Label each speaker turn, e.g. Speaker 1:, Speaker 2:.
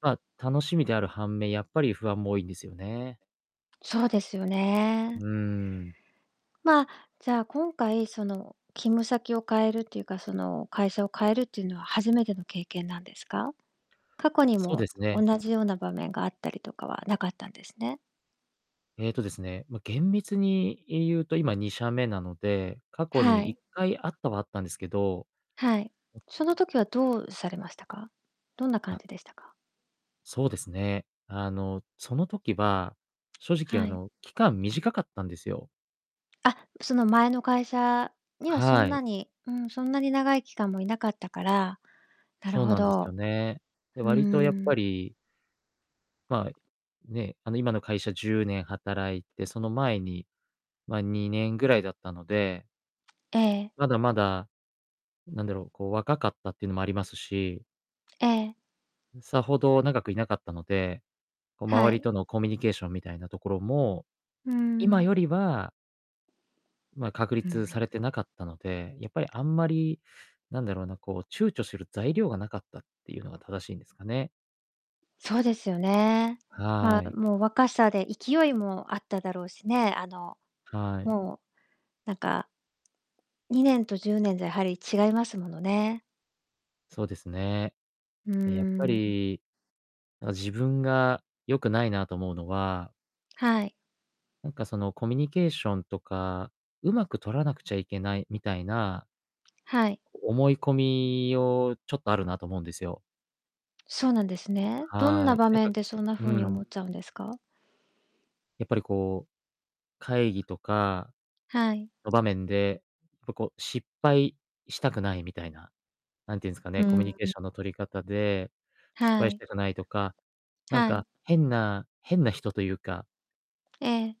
Speaker 1: ま、楽しみである反面、やっぱり不安も多いんですよね。
Speaker 2: そうですよ
Speaker 1: うー
Speaker 2: ね。
Speaker 1: ん。
Speaker 2: まあ、じゃあ今回その、勤務先を変えるっていうかその、会社を変えるっていうのは初めての経験なんですか？過去に
Speaker 1: そうで
Speaker 2: も
Speaker 1: す
Speaker 2: おん
Speaker 1: ね。
Speaker 2: なじような場面があったりとかは無かったんですね？
Speaker 1: ええとですね、ま、厳密に言うと、今2社目なので、過去
Speaker 2: は
Speaker 1: にいっ
Speaker 2: い。
Speaker 1: かいあったはあったんですけど。
Speaker 2: はい。
Speaker 1: う
Speaker 2: その時はどうされましたか？どんな
Speaker 1: あ。
Speaker 2: 感じでしたか？
Speaker 1: そうですね。あの、その時は、正直
Speaker 2: は
Speaker 1: あ
Speaker 2: い。
Speaker 1: の、期間短かったんですよ。
Speaker 2: あ、その前の会社にはそ
Speaker 1: は
Speaker 2: んな
Speaker 1: い。
Speaker 2: にうん、そんなに長い期間も居なかったから。なる
Speaker 1: そう
Speaker 2: ほ
Speaker 1: なんですよ
Speaker 2: ど。
Speaker 1: ね。で、
Speaker 2: う
Speaker 1: 割とやっぱ
Speaker 2: ん。
Speaker 1: りまあ、ね、あの、今の会社10年働いて、その前に、ま、2年ぐらいだったので
Speaker 2: ええ。
Speaker 1: まだまだ、なんだろう、こう若かったっていうのもありますし
Speaker 2: ええ。
Speaker 1: うん、さほど長くいなかったので、こう
Speaker 2: は
Speaker 1: 周り
Speaker 2: い。
Speaker 1: とのコミュニケーションみたいなところも、
Speaker 2: う
Speaker 1: 今
Speaker 2: ん。
Speaker 1: よりはまあ、確
Speaker 2: う
Speaker 1: 立さ
Speaker 2: ん。
Speaker 1: れてなかったので、やっぱりあんまり、何だろうな、こう躊躇する材料がなかったっていうのが正しいんですかね。
Speaker 2: そうですよね。
Speaker 1: は
Speaker 2: ま、
Speaker 1: い。
Speaker 2: もう若さで勢いもあっただろうしね。あの、
Speaker 1: はい。
Speaker 2: もう、なんか2年と10年じゃ、やはり違いますものね。
Speaker 1: そうですね。
Speaker 2: うー
Speaker 1: え、やっぱ
Speaker 2: ん、うん。
Speaker 1: り、あ、自分が良くないなと思うのは
Speaker 2: はい。
Speaker 1: なんかそのコミュニケーションとか「上手く取らなくちゃいけない」みたいな
Speaker 2: はい。
Speaker 1: 思い込みをちょっとあるなと思うんですよ。
Speaker 2: そうなんですね。どん
Speaker 1: は
Speaker 2: な
Speaker 1: い。
Speaker 2: 場
Speaker 1: なんか
Speaker 2: 面でそんな
Speaker 1: う、
Speaker 2: 風
Speaker 1: う
Speaker 2: に
Speaker 1: ん。
Speaker 2: 思っちゃうんですか？
Speaker 1: やっぱりこう、会議とか
Speaker 2: はい。
Speaker 1: の場面で、ぱ、こう失敗したくないみたいな、なんて言うんすか
Speaker 2: う
Speaker 1: ね。
Speaker 2: ー
Speaker 1: コミュニ
Speaker 2: ん、
Speaker 1: ケー
Speaker 2: うん。
Speaker 1: ションの取り方で、失
Speaker 2: は
Speaker 1: 敗し
Speaker 2: い。
Speaker 1: たくないとか、なん
Speaker 2: はい。
Speaker 1: か変な変な人というか
Speaker 2: ええ。